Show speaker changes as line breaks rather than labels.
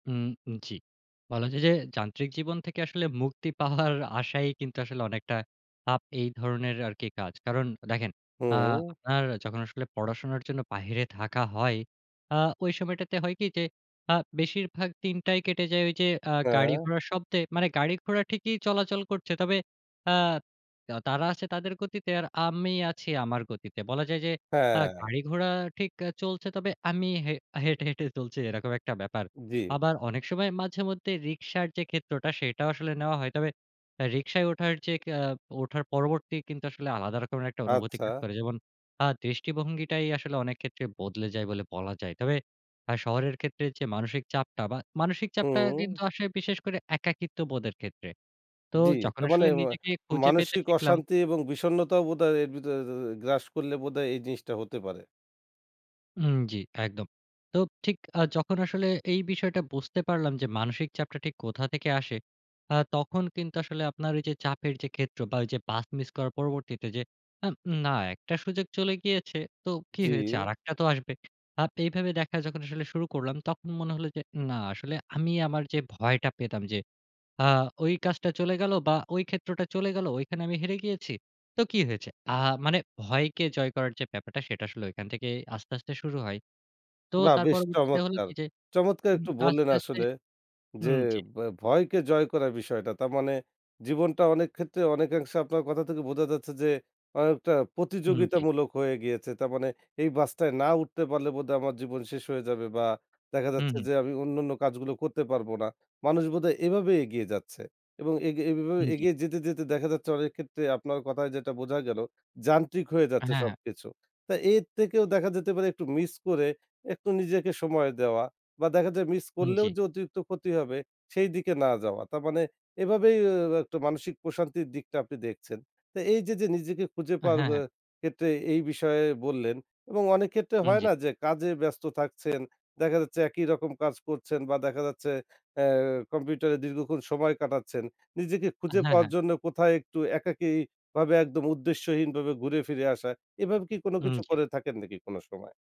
উম উম জি। বলা যায় যে, যান্ত্রিক জীবন থেকে আসলে মুক্তি পাওয়ার আশায়ই কিন্তু আসলে অনেকটা আপ এই ধরনের আরকি কাজ। কারণ দেখেন আ
হুম।
আপনার যখন আসলে পড়াশোনার জন্য বাহিরে থাকা হ, য় আ ওই সময়টাতে হয় কি? যে, আ বেশিরভাগ দিনটাই কেটে যায় ওইযে আ
হ্যাঁ।
গাড়ি-ঘোড়ার শব্দে। মানে গাড়ি-ঘোড়া ঠিকই চলাচল করছে। তবে আ তা তারা আছে তাদের গতিতে আর আমি আছি আমার গতিতে। বলা যায় যে, আ
হ্যাঁ।
গাড়ি -ঠিক আ চলছে। তবে আমি হে হেঁটে, হেঁটে চলছি এরকম একটা ব্যাপার।
জি।
আবার অনেক সময় মাঝেমধ্যে রিকশার যে, ক্ষেত্রটা সেটাও আসলে নেওয়া হয়। তবে অ্যা রিকশায় ওঠার যে, অ্যা ওঠার পরবর্তী কিন্তু আসলে আলাদা রকমের একটা অনুভূতি কাজ
আচ্ছা।
করে। যেমন আ দৃষ্টিভঙ্গিটাই আসলে অনেক ক্ষেত্রে বদলে যায় বলে বলা যায়। তবে অ্যা শহরের ক্ষেত্রে যে, মানসিক চাপটা বা মানসিক চাপটা
হুম।
কিন্তু আসে বিশেষ করে একাকিত্ববোধের ক্ষেত্রে। তো
জি।
যখন
তার মানে
আসলে
আ
নিজেকে খুঁজে পেতে
মানসিক
শিখলাম
অশান্তি এবং বিষন্নতাও বোধহয় এর ভিতরে এ গ্রাস করলে বোধহয় এই জিনিসটা হতে পারে।
হুম, জি, একদম। তো ঠিক আ যখন আসলে এই বিষয়টা বুঝতে পারলাম যে, মানসিক চাপটা ঠিক কোথা থেকে আসে, আ তখন কিন্তু আসলে আপনার ওইযে চাপের যে, ক্ষেত্র বা ওইযে পাথ মিস করার পরবর্তীতে যে, অ্যাম না একটা সুযোগ চলে গিয়েছে তো কি
জি।
হয়েছে? আরেকটা তো আসবে। আপ এইভাবে দেখা যখন আসলে শুরু করলাম, তখন মনে হলো যে, না আসলে আমি আমার যে, ভয়টা পেতাম, যে, আ ওই কাজটা চলে গেলো বা ওই ক্ষেত্রটা চলে গেলো, ঐখানে আমি হেরে গিয়েছি। তো কি হয়েছে? আ মানে ভয়কে জয় করার যে, ব্যাপারটা, সেটা আসলে ঐখান থেকে আস্তে, আস্তে শুরু হয়। তো
বাহ!
তার
বেশ
পরবর্তীতে হল
চমৎকার।
কি? যে,
চমৎকার
উ
একটু বললেন
আস্তে আস্তে
আসলে।
উ
যে,
জি।
বা ভয়কে জয় করা বিষয়টা। তার মানে জীবনটা অনেক ক্ষেত্রে অনেকাংশে আপনার কথা থেকে বোঝা যাচ্ছে যে, অনেকটা
উম জি।
প্রতিযোগিতামূলক হয়ে গিয়েছে। তার মানে এই বাসটায় না উঠতে পারলে বোধহয় আমার জীবন শেষ হয়ে যাবে বা দেখা
হু,
যাচ্ছে
হুম।
যে, আমি অন্যান্য কাজগুলো করতে পারব না। মানুষ বোধহয় এভাবে এগিয়ে যাচ্ছে। এবং এগে এভাবে
হুম, জি।
এগিয়ে যেতে, যেতে দেখা যাচ্ছে অনেক ক্ষেত্রে আপনার কথায় যেটা বোঝা গেল, যান্ত্রিক হয়ে যাচ্ছে
হ্যাঁ, হ্যাঁ।
সবকিছু। তা এর থেকেও দেখা যেতে পারে একটু মিস করে একটু নিজেকে সময় দেওয়া। বা দেখা যায় মিস
হুম,
করলেও
জি।
যে, অতিরিক্ত ক্ষতি হবে সেইদিকে না যাওয়া। তার মানে এভাবেই আ একটা মানসিক প্রশান্তির দিকটা আপনি দেখছেন। তো এইযে, যে, নিজেকে খুঁজে
আ
পাওয়ার
হ্যাঁ,
অ্যা
হ্যাঁ।
ক্ষেত্রে এই বিষয়ে বললেন। এবং অনেক ক্ষেত্রে
উম
হয়
জি।
না? যে, কাজে ব্যস্ত থাকছেন, দেখা যাচ্ছে একই রকম কাজ করছেন বা দেখা যাচ্ছে অ্যা কম্পিউটারে দীর্ঘক্ষণ সময় কাটাচ্ছেন। নিজেকে
আ
খুঁজে
হ্যাঁ,
পাওয়ার
হ্যাঁ।
জন্য কোথায় একটু একাকী ভাবে একদম উদ্দেশ্যহীনভাবে ঘুরে ফিরে আসা। এভাবে কি কোন
উম
কিছু
জি।
করে থাকেন নাকি কোন সময়?